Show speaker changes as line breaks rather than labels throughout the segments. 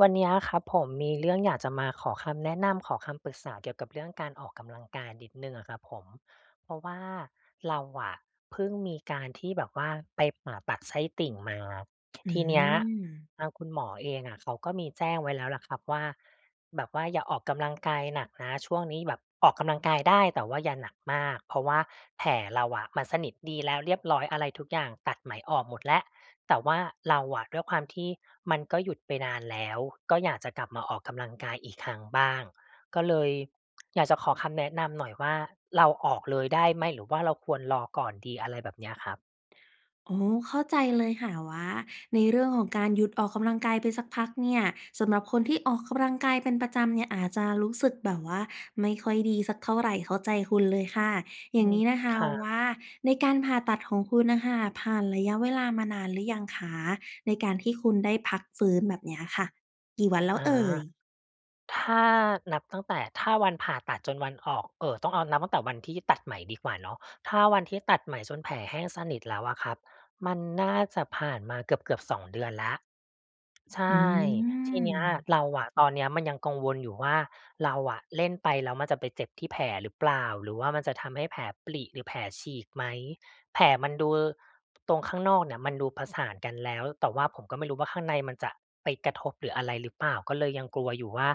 วันเนี้ยครับผม มีเรื่องอยากจะมาขอคำแนะนำ ขอคำปรึกษาเกี่ยวกับเรื่องการออกกำลังกายนิดหนึ่งอะครับผม เพราะว่าเราอะเพิ่งมีการที่แบบว่าไปผ่าตัดไส้ติ่งมา
อื
ทีเนี้ย
อ
ทางคุณหมอเองอะ เขาก็มีแจ้งไว้แล้วแหละครับว่า แบบว่าอย่าออกกำลังกายหนักนะ ช่วงนี้แบบออกกำลังกายได้แต่ว่าอย่าหนักมาก เพราะว่าแผลเราอะมันสนิทดีแล้วเรียบร้อยอะไรทุกอย่าง ตัดไหมออกหมดแล้ว แต่ว่าเราอะด้วยความที่มันก็หยุดไปนานแล้ว ก็อยากจะกลับมาออกกำลังกายอีกครั้งบ้าง ก็เลยอยากจะขอคำแนะนำหน่อยว่า เราออกเลยได้ไหม? หรือว่าเราควรรอก่อนดี? อะไรแบบเนี้ยครับ
อ๋อ เข้าใจเลยค่ะว่าในเรื่องของการหยุดออกกำลังกายไปสักพักเนี่ย สำหรับคนที่ออกกำลังกายเป็นประจำเนี่ยอาจจะรู้สึกแบบว่าไม่ค่อยดีสักเท่าไร เข้าใจคุณเลยค่ะ อ
อ
ย่
ื
างน
ม
ี้นะค
ค
ะ
รั
ว
บ
่า ในการผ่าตัดของคุณน่ะค่ะ ผ่านระยะเวลามานานหรือยังคะ? ในการที่คุณได้พักฟื้นแบบเนี้ยค่ะ กี่วันแล้
อ
ว
า
เอ่ย?
ถ้านับตั้งแต่ ถ้าวันผ่าตัดจนวันออก เอ่อ ต้องเอานับตั้งแต่วันที่ตัดไหมดีกว่าเนาะ ถ้าวันที่ตัดไหมจนแผลแห้งสนิทแล้วอะครับ มันน่าจะผ่านมาเกือบ ๆ 2 เดือนแล้ว ใช
อื
่ ทีเนี้ย
ม
เราอะ ตอนเนี้ยมันยังกังวลอยู่ว่า เราอะเล่นไป แล้วมันจะไปเจ็บที่แผลหรือเปล่า? หรือว่ามันจะทำให้แผลปริ หรือแผลฉีกไหม? แผลมันดู อ ตรงข้างนอกเนี่ย มันดูผสานกันแล้ว แต่ว่าผมก็ไม่รู้ว่าข้างในมันจะไปกระทบ หรืออะไรหรือเปล่า? ก็เลยยังกลัวอยู่ว่า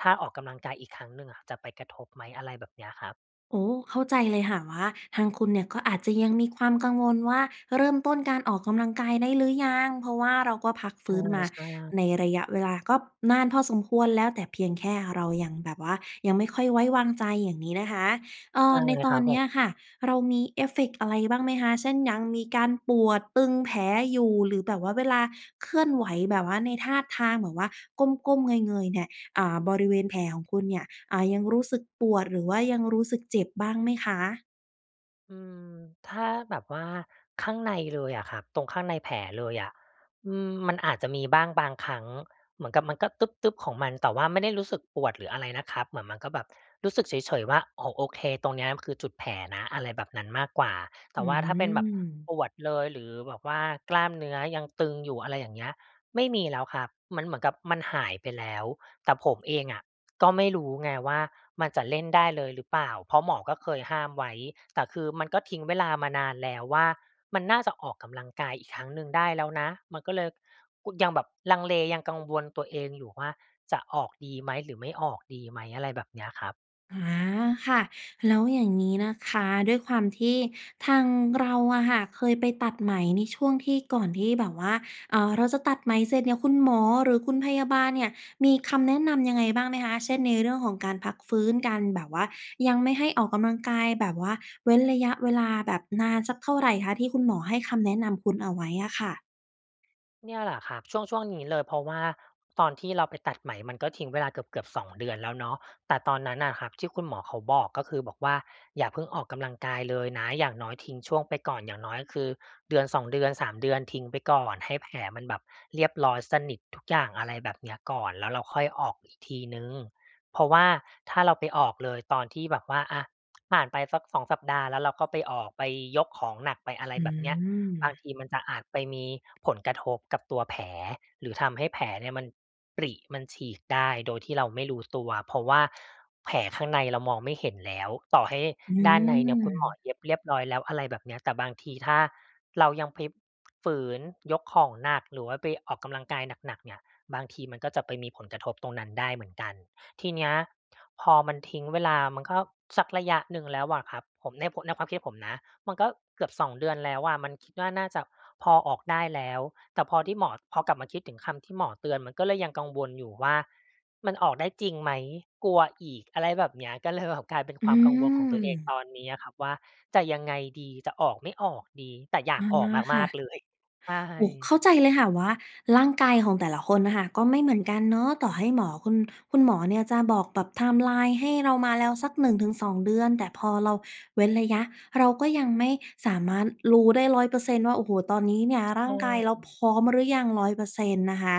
ถ้าออกกำลังกายอีกครั้งหนึ่งอะจะไปกระทบไหม? อะไรแบบเนี้ยครับ
โอ้ เข้าใจเลยค่ะว่าทางคุณเนี่ยก็อาจจะยังมีความกังวลว่า เริ่มต้นการออกกำลังกายได้หรือยัง? เพราะว่าเราก็พักฟ
ใ
ื้นมา
ช่ ๆ
ในระยะเวลาก็นานพอสมควรแล้ว แต่เพียงแค่เรายังแบบว่ายังไม่ค่อยไว้วางใจ อย่างนี้นะคะ เอ่
ใช่
อ ในต
ค
อ
รั
น
บ
เ
ผ
นี้
ม
ยค่ะ เรามีเอฟเฟกต์อะไรบ้างไหมคะ? เช่น ยังมีการปวดตึงแผลอยู่ หรือแบบว่าเวลาเคลื่อนไหว แบบว่าในท่าทางแบบว่า ก้ม ๆ เงย ๆ เนี่ย อ่า บริเวณแผลของคุณเนี่ย อ่า ยังรู้สึกปวด หรือว่ายังรู้สึกเจ็บบ้างไหมคะ?
อืม ถ้าแบบว่าข้างในเลยอะครับ ตรงข้างในแผลเลยอะ อืม มันอาจจะมีบ้างบางครั้ง เหมือนกับมันก็ตึ๊บ ๆ ของมัน แต่ว่าไม่ได้รู้สึกปวด หรืออะไรนะครับ เหมือนมันก็แบบรู้สึกเฉย ๆ ว่า อ๋อ โอเค ตรงเนี้ยคือจุดแผลนะ อะไรแบบนั้นมากกว่า แต
อื
่ว่าถ้าเป็นแบบ
อ
ปวดเลย หรือแบบว่ากล้ามเนื้อยังตึงอยู่ อะไรอย่างเงี้ย ไม่มีแล้วครับ มันเหมือนกับมันหายไปแล้ว แต่ผมเองอะ ก็ไม่รู้ไงว่า มันจะเล่นได้เลยหรือเปล่า? เพราะหมอก็เคยห้ามไว้ แต่คือมันก็ทิ้งเวลามานานแล้วว่า มันน่าจะออกกำลังกายอีกครั้งหนึ่งได้แล้วนะ มันก็เลย ย ยังแบบลังเล ยังกังวลตัวเองอยู่ว่า จะออกดีไหม? หรือไม่ออกดีไหม? อะไรแบบเนี้ยครับ
อา ค่ะ แล้วอย่างงี้นะคะ ด้วยความที่ทางเราอะค่ะ เคยไปตัดไหมในช่วงที่ก่อนที่แบบว่า อ่า เราจะตัดไหมเสร็จเนี่ย คุณหมอ หรือคุณพยาบาลเนี่ย มีคำแนะนำยังไงบ้างไหมคะ? เช่น ในเรื่องของการพักฟื้น การแบบว่ายังไม่ให้ออกกำลังกาย แบบว่าเว้นระยะเวลาแบบนานสักเท่าไรคะ ที่คุณหมอให้คำแนะนำคุณเอาไว้อะค่ะ?
เนี่ยแหละครับ ช่วง ๆ นี้เลย เพราะว่าตอนที่เราไปตัดไหม มันก็ทิ้งเวลาเกือบ ๆ 2 เดือนแล้วเนาะ แต่ตอนนั้นน่ะครับ ที่คุณหมอเขาบอก ก็คือบอกว่าอย่าเพิ่งออกกำลังกายเลยนะ อย่างน้อยทิ้งช่วงไปก่อน อย่างน้อยคือ 1-2 เดือน 3 เดือน ทิ้งไปก่อน ให้แผลมันแบบเรียบร้อยสนิททุกอย่าง อะไรแบบเนี้ยก่อน แล้วเราค่อยออกอีกทีหนึ่ง เพราะว่าถ้าเราไปออกเลยตอนที่แบบว่า อะ ผ่านไปสัก 2 สัปดาห์แล้วเราก็ไปออก ไปยกของหนัก ไปอะไร
อื
แบบเนี้ย บาง
ม
ทีมันจะอาจไปมีผลกระทบกับตัวแผล หรือทำให้แผลเนี่ยมันปริ มันฉีกได้ โดยที่เราไม่รู้ตัว เพราะว่า แผลข้างในเรามองไม่เห็นแล้ว ต่อให้
อื
ด้านในเนี่ยคุณหมอ
ม
เย็บเรียบร้อยแล้ว อะไรแบบเนี้ย แต่บางทีถ้าเรายังไปฝืนยกของหนัก หรือว่าไปออกกำลังกายหนัก ๆ เนี่ย บางทีมันก็จะไปมีผลกระทบตรงนั้นได้เหมือนกัน ทีเนี้ยพอมันทิ้งเวลา มันก็สักระยะหนึ่งแล้วอะครับ ผม ใน ในความคิดผมนะ มันก็เกือบ 2 เดือนแล้วอะ มันคิดว่าน่าจะพอออกได้แล้ว แต่พอที่หมอ พอกลับมาคิดถึงคำที่หมอเตือน มันก็เลยยังกังวลอยู่ว่า มันออกได้จริงไหม? กลัวอีก อะไรแบบเนี้ย ก็เลยแบบ กลายเป็น
อื
ความกังวลของตัวเอง
ม
ตอนเนี้ยอะครับ ว่าจะยังไงดี? จะออกไม่ออกดี แต่อยา
อ๋
ก
อ
ออก
ค
ม
่
าก
ะ
ๆ เลย ใช
โอ้
่
เข้าใจเลยค่ะว่าร่างกายของแต่ละคนอะค่ะ ก็ไม่เหมือนกันเนาะ ต่อให้หมอคุณ คุณหมอเนี่ยจะบอกแบบ ไทม์ไลน์ ให้เรามาแล้วสัก 1-2 เดือน แต่พอเราเว้นระยะ เราก็ยังไม่สามารถรู้ได้ 100% ว่า โอ้โฮ ตอนนี้เนี่ยร
ใ
่
ช
างกายเราพ
่
ร้อมหรือยัง 100% นะคะ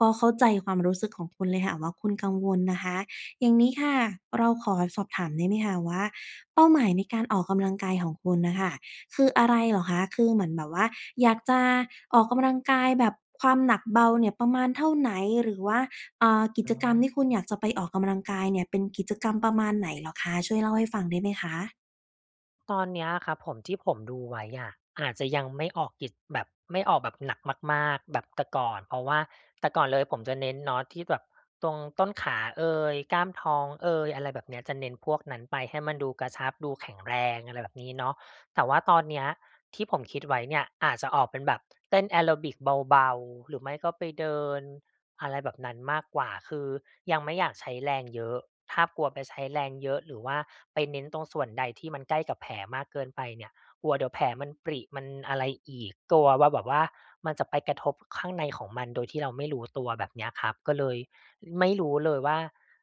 ก็เข้าใจความรู้สึกของคุณเลยค่ะว่า คุณกังวลนะคะ อย่างนี้ค่ะ เราขอสอบถามได้ไหมคะว่า เป้าหมายในการออกกำลังกายของคุณอะค่ะ คืออะไรเหรอคะ? คือเหมือนแบบว่าอยากจะออกกำลังกายแบบความหนักเบาเนี่ยประมาณเท่าไหน หรือว่า อ่า กิ
อ
จ
๋
กรรมที่คุณ
อ
อยากจะไปออกกำลังกายเนี่ยเป็นกิจกรรมประมาณไหนเหรอคะ? ช่วยเล่าให้ฟังได้ไหมคะ?
ตอนเนี้ยอะครับผม ที่ผมดูไว้อะ อาจจะยังไม่ออกกิส แบบไม่ออกแบบหนักมาก ๆ แบบแต่ก่อน เพราะว่าแต่ก่อนเลยผมจะเน้นเนาะที่แบบตรงต้นขาเอย กล้ามท้องเอย อะไรแบบเนี้ย จะเน้นพวกนั้นไปให้มันดูกระชับดูแข็งแรง อะไรแบบนี้เนาะ แต่ว่าตอนเนี้ยที่ผมคิดไว้เนี่ยอาจจะออกเป็นแบบเต้นแอโรบิกเบา ๆ หรือไม่ก็ไปเดิน อะไรแบบนั้นมากกว่า คือยังไม่อยากใช้แรงเยอะ ถ้ากลัวไปใช้แรงเยอะ หรือว่าไปเน้นตรงส่วนใดที่มันใกล้กับแผลมากเกินไปเนี่ย กลัวเดี๋ยวแผลมันปริมันอะไรอีก กลัวว่าแบบว่า มันจะไปกระทบข้างในของมันโดยที่เราไม่รู้ตัว แบบเนี้ยครับ ก็เลยไม่รู้เลยว่า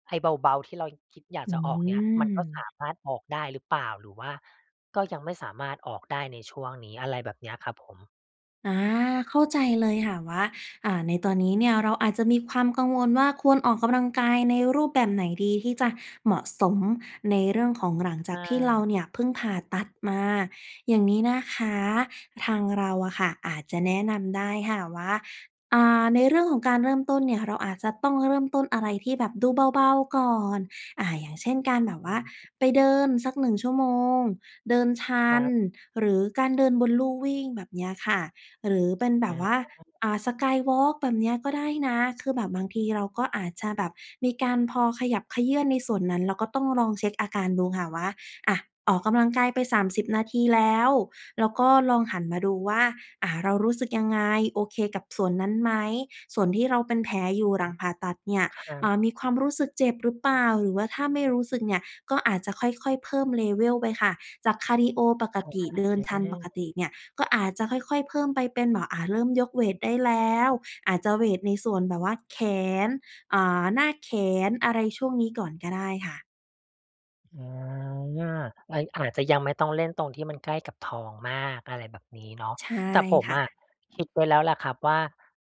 ไอ้เบา ๆ ที่เราคิดอยาก
อ
จะออกเนี้ย มันก็
ื
ส
ม
ามารถออกได้หรือเปล่า? หรือว่าก็ยังไม่สามารถออกได้ในช่วงนี้ อะไรแบบนี้อะครับผม
อา เข้าใจเลยค่ะว่า อ่า ในตอนนี้เนี่ยเราอาจจะมีความกังวลว่า ควรออกกำลังกายในรูปแบบไหนดี ที่จะเหมาะสมในเรื่องของ หลังจ
อ
ากที่เรา
า
เนี่ยเพิ่งผ่าตัดมา อย่างนี้นะคะ ทางเราอะค่ะอาจจะแนะนำได้ค่ะว่า อ่า ในเรื่องของการเริ่มต้นเนี่ยเราอาจจะต้องเริ่มต้นอะไรที่แบบดูเบา ๆ ก่อน อะ อย่างเช่น การแบบ
อ
ว
ื
่า
ม
ไปเดินสัก 1 ชั่วโมง เดินช
ค
ั
รั
น
บ
หรือการเดินบนลู่วิ่ง แบบเนี้ยค่ะ หรือเป็นแบ
อ
บว่า
า
อ่า Skywalk แบบนี้อะก็ได้นะ คือแบบบางทีเราก็อาจจะแบบมีการพอขยับเขยื้อนในส่วนนั้นแล้วก็ต้องลองเช็คอาการดูค่ะว่า อะ ออกกำลังกายไป 30 นาทีแล้ว แล้วก็ลองหันมาดูว่า อ่า เรารู้สึกยังไง? โอเคกับส่วนนั้นไหม? ส่วนที่เราเป็นแผลอยู่หล
อ
ั
ื
ง
ม
ผ่าตัดเนี่ย
ครั
อ่
บ
า มีความรู้สึกเจ็บหรือเปล่า? หรือว่าถ้าไม่รู้สึกเนี่ย ก็อาจจะค่อย ๆ เพิ่ม level ไปค่ะ จากคาร์ดีโอปกติ เดินทันปกติเนี่ย ก็อาจจะค่อย ๆ เพิ่มไปเป็นแบบ อ่า เริ่มยกเวตได้แล้ว อาจจะเวตในส่วนแบบว่าแขน อ่า หน้าแขน อะไรช่วงนี้ก่อนก็ได้ค่ะ
อา ไอ อาจจะยังไม่ต้องเล่นตรงที่มันใกล้กับท้องมาก อะไรแบบนี้เนาะ
ใช่
แต่ผม
ค่
อะ
ะ
คิดไว้แล้วแหละครับว่า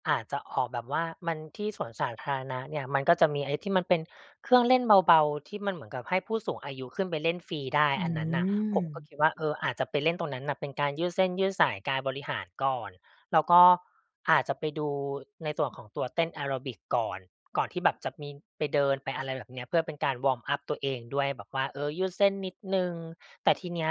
อาจจะออกแบบว่า มัน ที่สวนสาธารณะเนี่ย มันก็จะมีไอ้ที่มันเป็นเครื่องเล่นเบา ๆ ที่มันเหมือนกับให้ผู้สูงอายุขึ้นไปเล่นฟรีได้
อ
อันนั้นน่ะ ผมก็
ืม
คิดว่า เออ อาจจะไปเล่นตรงนั้นน่ะ เป็นการยืดเส้นยืดสาย กายบริหารก่อน แล้วก็อาจจะไปดูในส่วนของตัวเต้นแอโรบิกก่อน ก่อนที่แบบจะมีไปเดิน ไปอะไรแบบเนี้ย เพื่อเป็นการวอร์มอัปตัวเองด้วย แบบว่า เออ ยืดเส้นนิดหนึ่ง แต่ทีเนี้ย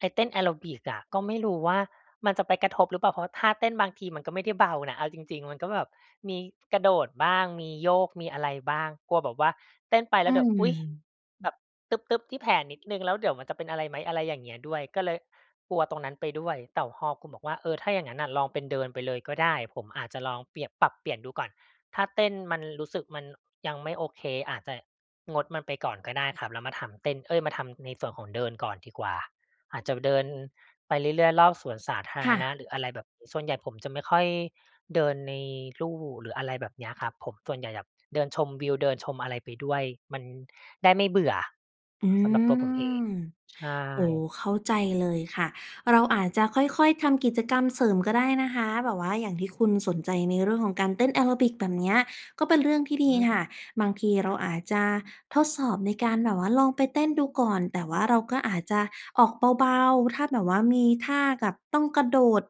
ไอ้เต้นแอโรบิกอะ ก็ไม่รู้ว่า มันจะไปกระทบหรือเปล่า? เพราะว่าท่าเต้นบางทีมันก็ไม่ได้เบานะ เอาจริง ๆ มันก็แบบมีกระโดดบ้าง มีโยก มีอะไรบ้าง กลัวแบบว่าเต้นไป
อ
แล
ื
้วเดี๋ยว อุ๊ย
ม
แบบตึ๊บ ๆ ที่แผลนิดหนึ่ง แล้วเดี๋ยวมันจะเป็นอะไรไหม? อะไรอย่างเงี้ยด้วย ก็เลยกลัวตรงนั้นไปด้วย แต่พอคุณบอกว่า เออ ถ้าอย่างงั้นน่ะ ลองเป็นเดินไปเลยก็ได้ ผมอาจจะลองเปลี่ยน ปรับเปลี่ยนดูก่อน ถ้าเต้นมันรู้สึก มันยังไม่โอเค อาจจะงดมันไปก่อนก็ได้ครับ แล้วมาทำเต้น เอ๊ย! มาทำในส่วนของเดินก่อนดีกว่า อาจจะเดิน ไปเรื่อย ๆ รอบสวนสาธา
ค
ร
่
ณ
ะ
ะ หรืออะไรแบบ ส่วนใหญ่ผมจะไม่ค่อยเดินในลู่ หรืออะไรแบบเนี้ยครับ ผมส่วนใหญ่แบบเดินชมวิว เดินชมอะไรไปด้วย มันได้ไม่เบื่อ
อื
สำหรับตัวผมเอง
ม
ใช
โอ้
่
เข้าใจเลยค่ะ เราอาจจะค่อย ๆ ทำกิจกรรมเสริมก็ได้นะคะ แบบว่าอย่างที่คุณสนใจ ในเรื่องของการเต้นแอโรบิก แบบเนี้ย ก็เป็นเรื่องที่ด
อื
ีค่ะ
ม
บางทีเราอาจจะทดสอบ ในการแบบว่า ลองไปเต้นดูก่อน แต่ว่า เราก็อาจจะออกเบา ๆ ถ้าแบบว่า มีท่ากับต้องกระโดด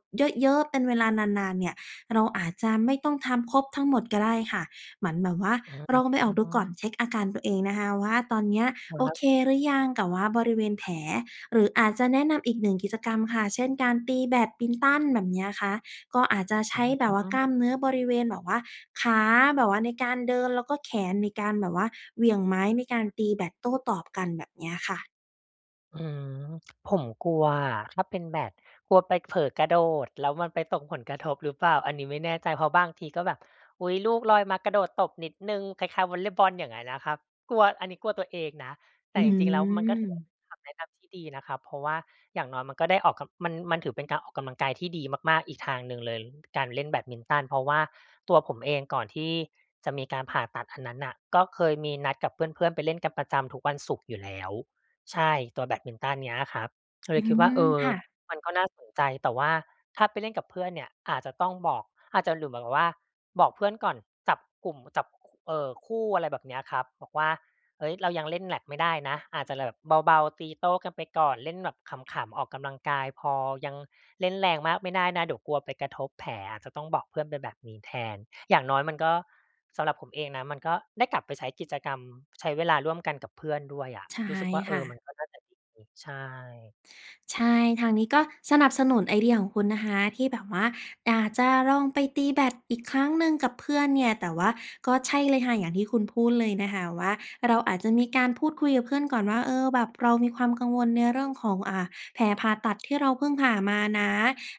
เยอะ ๆ เป็นเวลานาน ๆ เนี่ย เราอาจจะไม่ต้องทำครบทั้งหมดก็ได้ค่ะ เหมือนแบบว่า
อื
ลองไปออกดูก่อน
ม
เช็กอาการตัวเองนะคะว่า ตอนเนี้ย
ค
โอ
รับ
เคหรือยังกับว่าบริเวณ แผล หรืออาจจะแนะนำอีกหนึ่งกิจกรรมค่ะ เช่น การตีแบดมินตันแบบเนี้ยคะ ก็อาจจะใช
อื
้แบบว่า กล
ม
้ามเนื้อบริเวณแบบว่าขา แบบว่าในการเดิน แล้วก็แขนในการแบบว่าเหวี่ยงไม้ ในการตีแบดโต้ตอบกัน แบบเนี้ยค่ะ
อืม ผมกลัวอะ ถ้าเป็นแบด กลัวไปเผลอกระโดดแล้วมันไปตกผลกระทบหรือเปล่า? อันนี้ไม่แน่ใจ เพราะบางทีก็แบบ อุ๊ย! ลูกลอยมากระโดดตบนิดหนึ่งคล้าย ๆ วอลเลย์บอล อย่างงั้นนะครับ กลัว อันนี้กลัวตัวเองนะ แต
อ
่
ื
จริง ๆ แล้วมันก็ถือว่า
ม
เป็นคำแนะนำที่ดีนะครับ เพราะว่าอย่างน้อยมันก็ได้ออกกำ มัน มันถือเป็นการออกกำลังกายที่ดีมาก ๆ อีกทางหนึ่งเลย การเล่นแบดมินตัน เพราะว่าตัวผมเองก่อนที่ จะมีการผ่าตัดอันนั้นน่ะ ก็เคยมีนัดกับเพื่อน ๆ ไปเล่นกันประจำทุกวันศุกร์อยู่แล้ว ใช่ ตัวแบดมินตันเนี่ยอะครับ ก็เ
อ
ล
ื
ยคิดว
ม
่า เออ
ค่ะ
มันก็น่าสนใจ แต่ว่าถ้าไปเล่นกับเพื่อนเนี่ย อาจจะต้องบอก อาจจะ หรือแบบว่า บอกเพื่อนก่อนจับกลุ่ม จับ เอ่อ คู่ อะไรแบบนี้ครับ บอกว่า เฮ้ย! เรายังเล่นแบตไม่ได้นะ อาจจะแบบเบา ๆ ตีโต้กันไปก่อนเล่นแบบขำ ๆ ออกกำลังกายพอยังเล่นแรงมากไม่ได้นะเดี๋ยวกลัวไปกระทบแผลจะต้องบอกเพื่อนเป็นแบบนี้แทน อย่างน้อยมันก็ สำหรับผมเองนะมันก็ได้กลับไปใช้กิจกรรม ใช้เวลาร่วมกันกับเพื่อนด้วยอะ
ใช่
รู้สึกว่า เอ
ค่
อ มั
ะ
นก็น่าจะดี ใช่
ใช่ ทางนี้ก็สนับสนุนไอเดียของคุณนะคะ ที่แบบว่า อ่า จะลองไปตีแบตอีกครั้งหนึ่งกับเพื่อนเนี่ย แต่ว่าก็ใช่เลยค่ะอย่างที่คุณพูดเลยนะคะว่าเราอาจจะมีการพูดคุยกับเพื่อนก่อนว่า เออ แบบเรามีความกังวลในเรื่องของ อ่า แผลผ่าตัดที่เราเพิ่งผ่ามานะ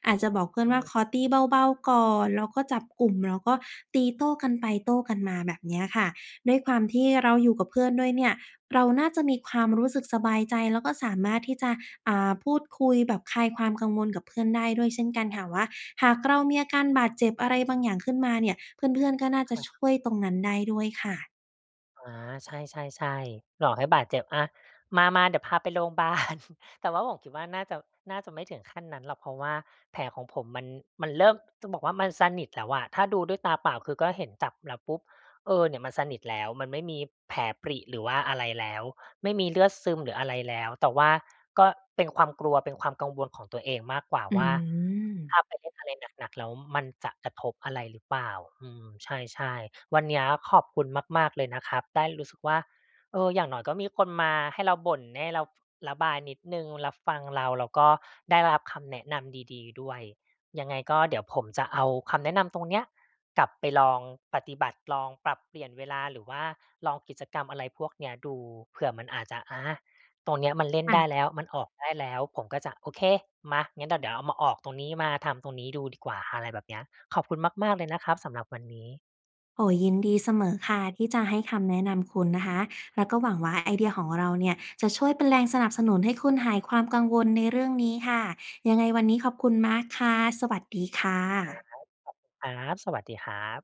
อาจจะบอกเพื่
อ
อน
ื
ว่า
ม
ขอตีเบา ๆ ก่อน แล้วก็จับกลุ่ม แล้วก็ตีโต้กันไปโต้กันมาแบบนี้ค่ะ ด้วยความที่เราอยู่กับเพื่อนด้วยเนี่ย เราน่าจะมีความรู้สึกสบายใจ แล้วก็สามารถที่จะ อ่า พูดคุยแบบคลายความกังวลกับเพื่อนได้ด้วยเช่นกันค่ะว่า หากเรามีอาการบาดเจ็บ อะไรบางอย่างขึ้นมาเนี่ย เพื่อน ๆ ก็น่า
ใช
จะ
่
ช
ครับ
่วยตรงนั้นได้ด้วยค่ะ
อา ใช่ ๆ ๆ หลอกให้บาดเจ็บ อะ มา ๆ เดี๋ยวพาไปโรงบาล แต่ว่าผมคิดว่าน่าจะ น่าจะไม่ถึงขั้นนั้นหรอก เพราะว่าแผลของผมมัน มันเริ่ม จะบอกว่ามันสนิทแล้วอะ ถ้าดูด้วยตาเปล่าคือก็เห็น จับแล้วปุ๊บ เออ เนี่ยมันสนิทแล้ว มันไม่มีแผลปริหรือว่าอะไรแล้ว ไม่มีเลือดซึมหรืออะไรแล้ว แต่ว่าก็เป็นความกลัวเป็นความกังวลของตัวเองมากกว่า
อื
ว่า
ม
ถ้าไปเล่นอะไรหนัก ๆ แล้วมันจะกระทบอะไรหรือเปล่า อืม ใช่ ๆ วันเนี้ย ขอบคุณมาก ๆ เลยนะครับ ได้รู้สึกว่า เออ อย่างน้อยก็มีคนมาให้เราบ่น ให้เรา ระบายนิดหนึ่ง รับฟังเรา แล้วก็ได้รับคำแนะนำดี ๆ ด้วย ยังไงก็เดี๋ยวผมจะเอาคำแนะนำตรงเนี้ย กลับไปลองปฏิบัติ ลองปรับเปลี่ยนเวลา หรือว่าลองกิจกรรมอะไรพวกเนี้ยดู เผื่อมันอาจจะ อา ตรงนี้มันเล่
ค
น
่
ได้
ะ
แล้ว มันออกได้แล้ว ผมก็จะ โอเค มา งั้นเดี๋ยว เดี๋ยวมาออกตรงนี้ มาทำตรงนี้ดูดีกว่า อะไรแบบเนี้ย ขอบคุณมาก ๆ เลยนะครับ สำหรับวันนี้
โอ้ ยินดีเสมอค่ะ ที่จะให้คำแนะนำคุณนะคะ แล้วก็หวังว่าไอเดียของเราเนี่ย จะช่วยเป็นแรงสนับสนุนให้คุณหายความกังวลในเรื่องนี้ค่ะ ยังไงวันนี้ขอบคุณมากค่ะ สวัสดีค่
ครั
ะ
บ ขอบคุณครับ สวัสดีครับ